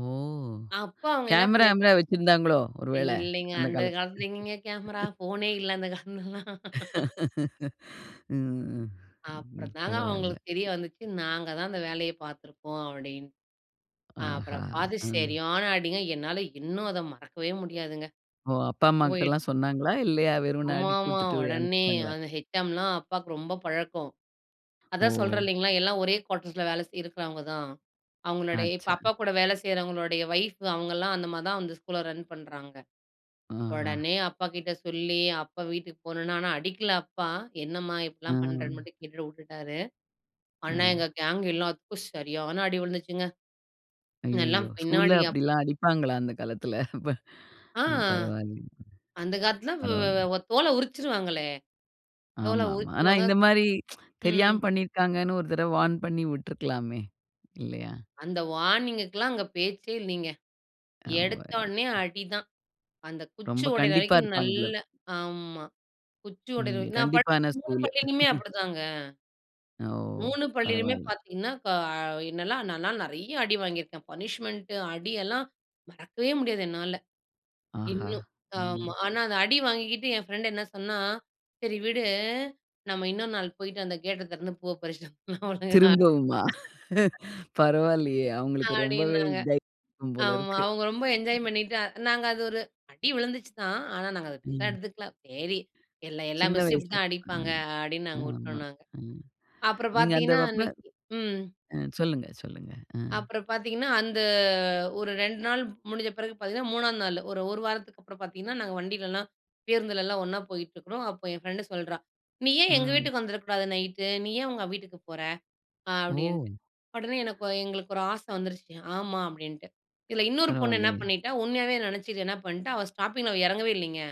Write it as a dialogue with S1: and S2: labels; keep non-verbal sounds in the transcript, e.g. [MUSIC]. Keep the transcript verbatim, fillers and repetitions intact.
S1: ஓ!
S2: அப்போ அவங்க என்ன
S1: கேமரா,
S2: பண்ணீக்
S1: கீமரா வச்சிருந்தாங்களோ ஒருவேள,
S2: இல்லீங்க.
S1: அந்தக்
S2: அந்த
S1: காலத்துல.
S2: காலத்துல எங்கீங்க கேமரா, போனே இல்ல. அந்தக் காலத்துலல்லா.
S1: [LAUGHS] ம், ம், ம்.
S2: அப்பறம் தாங்க
S1: பரவால.
S2: அவங்களுக்கு தெரிய வந்துச்சு, நாங்க தான் அந்த வேலையைப் பாத்துருக்கோம் அப்டின்னு.
S1: ஆஹா.
S2: அப்புறம் பாத்து
S1: ம்.
S2: சரியான அடிங்க. என்னால இன்னும் அத மறக்கவே முடியாதுங்க.
S1: ஓ! அப்பா, அம்மா
S2: போயிட்.
S1: கிட்டலாம் சொன்னாங்களா இல்லையா, வெறுமனு அடி
S2: ஆமாமா.
S1: குடுத்துட்டு
S2: உடனே
S1: அனுப்பிச்சிட்டாங்களே?
S2: அந்த ஹெச்செம்லாம் அப்பாக்கு ரொம்ப பழக்கம். அதா
S1: ஓ!
S2: சொல்றே இல்லைங்களா. எல்லா ஒரே கோட்டர்ஸ்ல வேல செய் இருக்கறவங்க தான். அவங்களோடைய இப்ப
S1: ஆச்சா.
S2: அப்பா கூட வேல செய்யறவங்களோடயா வைய்ஃப் அவங்கல்லாம் அந்த மாரி தான் அந்த ஸ்கூல்ல ரன் பண்றாங்க.
S1: ஓஹா.
S2: உடனே அப்பா கிட்ட சொல்லி, அப்பா வீட்டுக்குப் போனோனா. ஆனா அடிக்கல அப்பா. என்னம்மா, இப்படி எல்லாம்
S1: ஆம்.
S2: பண்றன்னு மட்டும் கேட்டுட்டு உட்டுட்டாரு. ஆனா
S1: ம்.
S2: எங்க கேங் எல்லாதுக்கும் சரியான அடி விழுந்துச்சுங்க. எல்லாம்
S1: அய்யய்யோ! ஸ்கூல
S2: பின்னாடி அப்.
S1: அப்டில்லாம் அடிப்பாங்களா அந்தக் காலத்துல? [LAUGHS] ப
S2: ஆ.
S1: பரவால
S2: அந்தக் காலத்துல வ வ
S1: பரவால்ல.
S2: வே தோல உருச்சுருவாங்களே. தோல
S1: ஆமாமா. ஆனா
S2: உருச்சுருவாங்க.
S1: இந்த மாரி [TSK]
S2: ம்.
S1: தெரியாம் பண்ணிருக்காங்கன்னு ஒரு தடவ வார்ன் பண்ணி விட்ருக்கலாமே. இல்லையா?
S2: அந்த வார்னிங்குக்குலாம் அங்க பேச்சே இல்லீங்க.
S1: அவ்வ.
S2: எடுத்தோனே அடி தான். அந்தக் குச்சு
S1: ரொம்ப
S2: ஒடைற
S1: கண்டிப்பா
S2: வரைக்கும்
S1: இருப்பாங்க
S2: நல்ல
S1: போலருக்கு.
S2: ஆம்மா. குச்சி ஒடைற வை
S1: ம்.
S2: நான் படிச்ச
S1: கண்டிப்பான
S2: மூணு
S1: ஸ்கூலு.
S2: பள்ளிலயுமே அப்படித்தாங்க.
S1: ஓ!
S2: மூணு பள்ளியிலுமே
S1: பரவால்ல.
S2: பாத்தீங்கன்னா இப்போ அ என்னெல்லாம்? நால் நான் நெறைய அடி வாங்கி இருக்கேன். பனிஷ்மென்ட் அடி எல்லாம் மறக்கவே முடியாது. என்னால
S1: ஆஹா,
S2: இன்னும்
S1: ம்.
S2: ஆம்மா. ஆனா அந்த அடி வாங்கிகிட்டு என் பிரெண்டு என்ன சொன்னா? சரி விடு. நாம இன்னொரு நாள் போயிட்டு அந்த கேட்ட திறந்து பூவை பறிச்சுட்டு வந்துர்லாம் ஓழுங்கா.
S1: திரும்பவுமா?
S2: [LAUGHS]
S1: [LAUGHS] பரவால்லையே, அவங்களுக்கு ரொம்பவே
S2: அப்டின்னாங்க.
S1: தைரியம் போல
S2: ஆமா.
S1: இருக்கு.
S2: அவங்க ரொம்ப என்ஜாய் பண்ணீட்டு. நாங்க அது ஒரு அடி விழுந்துச்சு தான். ஆனா நாங்க அத பெருசா
S1: ம்.
S2: எடுத்துக்கல. சரி எல்லா, எல்லா
S1: சின்ன
S2: மிஸ்சும் இப்படி
S1: வயசு
S2: தான்
S1: அ
S2: அடிப்பாங்க அடின்னு நாங்க
S1: ஆமா
S2: உட்டோனாங்க.
S1: ம்.
S2: அப்புற
S1: நீங்க
S2: பாத்தீங்கன்னா
S1: அந்தவகுப்ல
S2: அன்னைக்கி ம்.
S1: அ சொல்லுங்க, சொல்லுங்க அ.
S2: அப்புறம் பாத்தீங்கன்னா அந்த ஒரு ரெண்டு நாள் முடிஞ்ச பிறகு பாத்தீங்கன்னா மூணா நாளு, ஒரு, ஒரு வாரத்துக்கு அப்புறம் பாத்தீங்கன்னா, நாங்க வண்டிலலா பேருந்துல எல்லாம் ஒண்ணா போயிட்டு இருக்கோம். அப்போ என் பிரெண்டு சொல்றா நீ ஏன் எங்க
S1: ம்.
S2: வீட்டுக்கு வந்திருக்க கூடாது நைட்டு? நீ ஏன் அவங்க வீட்டுக்குப் போற? அப்படின்டு.
S1: ஓ!
S2: உடனே எனக்கொ எங்களுக்கு ஒரு ஆசை வந்துருச்சு. ஆமா அப்படின்டு இதுல இன்னொரு பொண்ணு என்ன
S1: பரவால்லையே!
S2: பண்ணிட்டா? உண்மையாவே நினைச்சுக்கிட்டு என்ன பண்ணிட்டா? அவ ஸ்டாப்பிங்ல அவ எறங்கவே இல்லீங்க.